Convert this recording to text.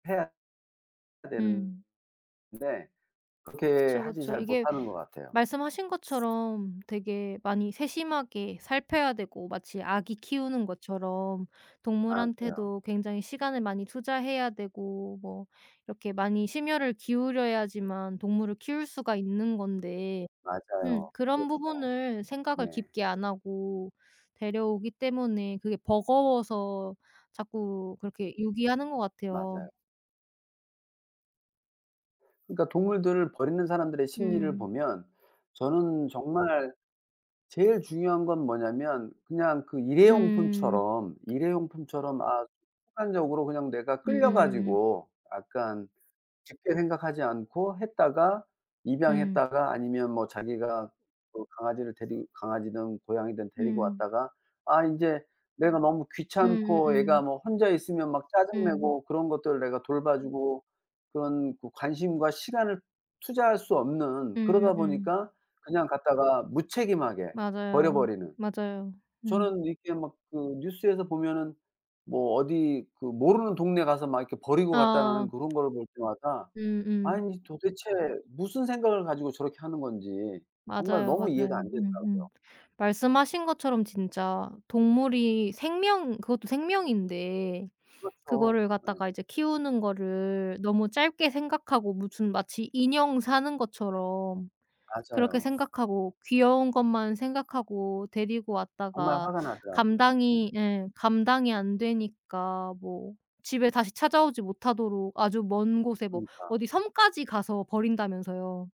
해야 되는 음. 건데 그렇게 그쵸, 하지 그쵸. 잘 이게 못하는 것 같아요. 말씀하신 것처럼 되게 많이 세심하게 살펴야 되고 마치 아기 키우는 것처럼 맞아요. 동물한테도 굉장히 시간을 많이 투자해야 되고 뭐 이렇게 많이 심혈을 기울여야지만 동물을 키울 수가 있는 건데 음 맞아요. 그런 그렇죠. 부분을 생각을 네. 깊게 안 하고 데려오기 때문에 그게 버거워서 자꾸 그렇게 유기하는 것 같아요. 맞아요. 그러니까 동물들을 버리는 사람들의 심리를 음. 보면 저는 정말 제일 중요한 건 뭐냐면 그냥 그 음. 일회용품처럼, 일회용품처럼 아 순간적으로 그냥 내가 끌려 음음. 가지고 약간 깊게 생각하지 않고 했다가 음. 입양했다가 아니면 뭐 자기가 뭐 그 강아지를 데리 강아지든 고양이든 데리고 음. 왔다가 아 인제 내가 너무 귀찮고, 얘가 음음음. 뭐 혼자 있으면 막 짜증 음. 내고 그런 것들을 내가 돌봐 주고 그런 그 관심과 시간을 투자할 수 없는 그러다 음음음. 보니까 그냥 갖다가 무책임하게 버려 맞아요. 버리는. 맞아요. 음. 저는 이렇게 막 그 뉴스에서 보면은 뭐 어디 그 "모르는 동네 가서 막 이렇게 버리고 아. 갔다."라는 그런 거를 볼 때마다 음음. 아니 도대체 무슨 생각을 가지고 저렇게 하는 건지 정말 맞아요, 너무 이해가 안 맞아요. 되더라고요. 음음. 말씀하신 것처럼 진짜 동물이 생명 그것도 생명인데 그렇죠. 그거를 네. 갖다가 이제 키우는 거를 너무 짧게 생각하고 무슨 마치 인형 사는 것처럼 그렇게 맞아요. 생각하고 귀여운 것만 생각하고 데리고 정말 왔다가 화가 나더라고요. 음. 감당이 예 감당이 안 되니까 뭐 집에 다시 찾아오지 못하도록 아주 먼 곳에 뭐 그러니까. 어디 섬까지 가서 버린다면서요.